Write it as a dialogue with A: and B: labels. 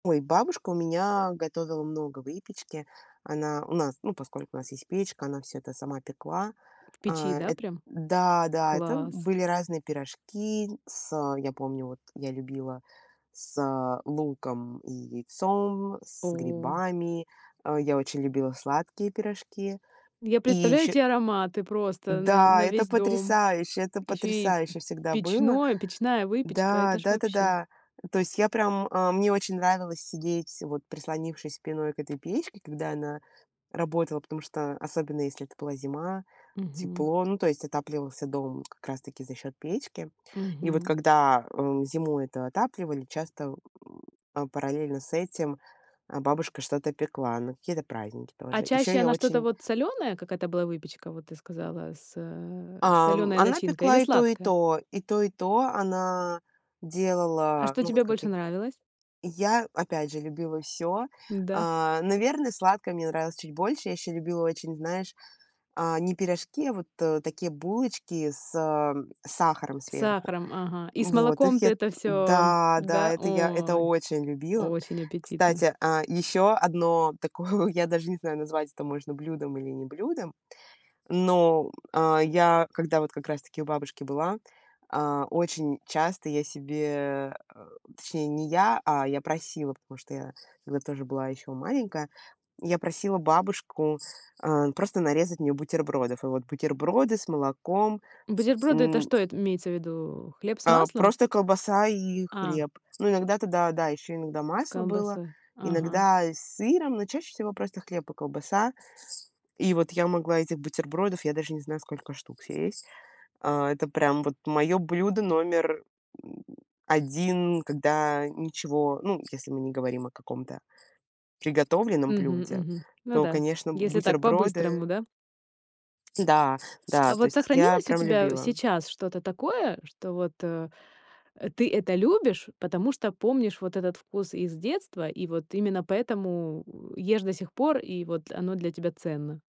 A: Ой, бабушка у меня готовила много выпечки. Она у нас ну поскольку у нас есть печка, она всё это сама пекла.
B: В печи,
A: А,
B: да,
A: эт
B: прям?
A: Да, да, это, м,
B: Класс.
A: были разные пирожки с я помню вот, я любила с луком и яйцом, с
B: О.
A: грибами. А, я очень любила сладкие пирожки.
B: Я
A: И
B: представляю
A: еще
B: те ароматы просто на
A: Да,
B: на
A: это
B: весь дом.
A: потрясающе, это
B: Ещё и
A: потрясающе всегда было.
B: печное, печная выпечка.
A: Да,
B: Это ж вообще.
A: да-да-да. То есть, я прям, а, мне очень нравилось сидеть, вот прислонившись спиной к этой печке, когда она работала, потому что, особенно если это была зима,
B: Мгм.
A: тепло, ну, то есть отапливался дом, как раз таки за счет печки. И вот
B: Мгм.
A: когда, э, зимой это отапливали, часто, э, параллельно с этим, а, бабушка что-то пекла, на какие-то праздники
B: А
A: тоже. Еще
B: чаще
A: я
B: она что-то
A: очень
B: вот солёное, какая это была выпечка, вот ты сказала, с, э,
A: Ам,
B: солёной
A: она
B: начинкой или
A: пекла и то и
B: сладкая?
A: то и то и то, она
B: А
A: делала,
B: что
A: ну вот
B: тебе
A: как
B: больше
A: я г
B: нравилось?
A: Я опять же любила всё.
B: Да?
A: А, наверное, сладкое мне нравилось чуть больше. Я еще любила очень, знаешь, а, не пирожки, а, вот, э, такие булочки с сахаром
B: С
A: сверху.
B: сахаром, ага. И с
A: Вот, их я
B: молоком-то
A: м
B: это всё,
A: Да, да,
B: да?
A: это я это
B: Ой,
A: очень любила.
B: очень аппетитно.
A: Кстати, а, еще одно такое, я даже не знаю, назвать это можно блюдом или не блюдом, но, м, а, я, когда вот, как раз таки у бабушки была, а, очень часто я себе э, точнее не я, а, я просила, потому что я тогда тоже была еще маленькая, я просила бабушку, а, просто нарезать мне бутербродов. И вот бутерброды с молоком,
B: Бутерброды- это
A: м.
B: что? Это имеется в виду, хлеб с
A: А
B: маслом?
A: просто колбаса и
B: А.
A: хлеб. Но иногда туда, да, еще иногда
B: С
A: масло было,
B: колбасой. Ага.
A: иногда и с сыром, но чаще всего просто хлеб и колбаса. И вот, я могла этих бутербродов, я даже не знаю, сколько штук съесть. А, это прям вот мое блюдо номер, 1, когда ничего, ну, если мы не говорим о каком-то приготовленном
B: Мгм
A: блюде,
B: мгм. Ну
A: то,
B: да,
A: конечно,
B: если так по-быстрому,
A: бутерброды.
B: да?
A: Да, да,
B: А
A: то
B: вот
A: есть я
B: сохранилось у
A: прям
B: тебя,
A: любила.
B: сейчас что-то такое, что вот, э, э, ты это любишь, потому что помнишь вот этот вкус из детства, и вот именно поэтому ешь до сих пор, и вот оно для тебя ценно?